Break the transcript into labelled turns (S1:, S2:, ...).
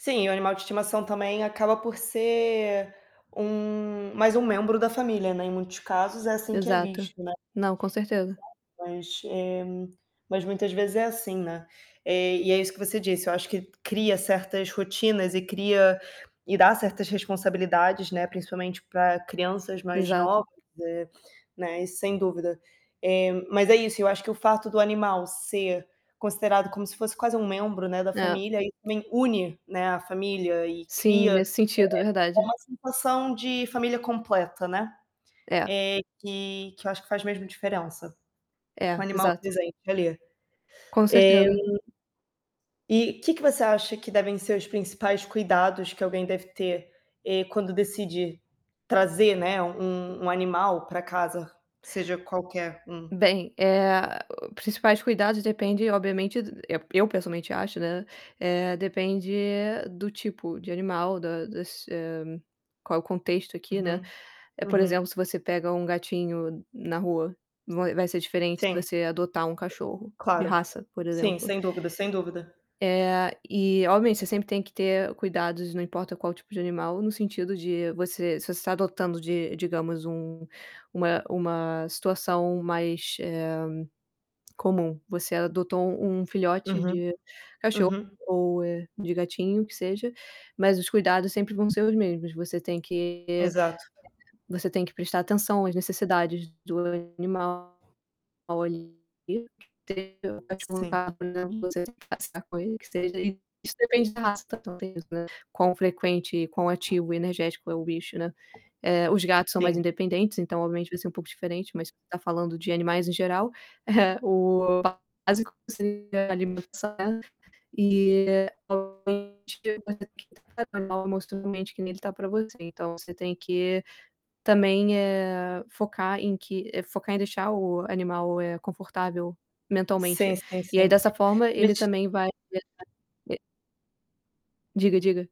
S1: Sim, o animal de estimação também acaba por ser um mais um membro da família, né, em muitos casos é assim que é
S2: Exato.
S1: visto, né.
S2: Não, com certeza.
S1: Exato, mas, eh, mas muitas vezes é assim, né. Eh, e é isso que você disse, eu acho que cria certas rotinas e cria e dá certas responsabilidades, né, principalmente pra crianças mais
S2: Exato.
S1: novas, eh, né, isso sem dúvida. Eh, mas é isso, eu acho que o fato do animal ser considerado como se fosse quase um membro, né, da
S2: É.
S1: família, isso também une, né, a família e
S2: Sim,
S1: cria [unintelligible]
S2: nesse sentido,
S1: é
S2: verdade.
S1: uma sensação de família completa, né.
S2: É.
S1: Eh, que que eu acho que faz mesmo diferença, com o
S2: É,
S1: animal
S2: exato.
S1: presente ali.
S2: Com
S1: Eh
S2: certeza.
S1: e que que você acha que devem ser os principais cuidados que alguém deve ter, eh, quando decide trazer, né, u um um animal pra casa, seja qualquer um?
S2: Bem, eh, principais cuidados depende obviamente eu eu pessoalmente acho, né, eh, depende do tipo de animal, da das, hã, qual o contexto aqui, né.
S1: Uhum,
S2: Eh, por exemplo,
S1: uhum.
S2: se você pega um gatinho na rua, vai vai ser diferente se
S1: Sim.
S2: você adotar um cachorro de
S1: Claro.
S2: raça, por
S1: Sim,
S2: exemplo.
S1: sem dúvida, sem dúvida.
S2: Eh, e obviamente, você sempre tem que ter cuidados, não importa qual o tipo de animal, no sentido de você se você está adotando de, digamos, um uma uma situação mais, eh, comum. Você adotou um filhote
S1: Uhum,
S2: de cachorro
S1: uhum.
S2: ou, eh, de gatinho, que seja, mas os cuidados sempre vão ser os mesmos. Você tem que,
S1: Exato.
S2: você tem que prestar atenção às necessidades do animal ali,
S1: Sim.
S2: [unintelligible] passear com ele, que seja, e isso depende da raça também, né? Quão frequente, quão ativo e energético é o bicho, né. Eh, os gatos são mais
S1: Sim.
S2: independentes, então obviamente vai ser um pouco diferente, mas tá falando de animais em geral. É, o básico seria alimentar, né. E obviamente, você tem que tratar o animal emocionalmente que nem ele tá pra você. Então você tem que também, eh, focar em que focar em deixar o animal, eh, confortável
S1: Sim,
S2: mentalmente.
S1: sim,
S2: E aí
S1: sim.
S2: dessa forma ele
S1: Mas
S2: também vai [unintelligible] Diga, diga.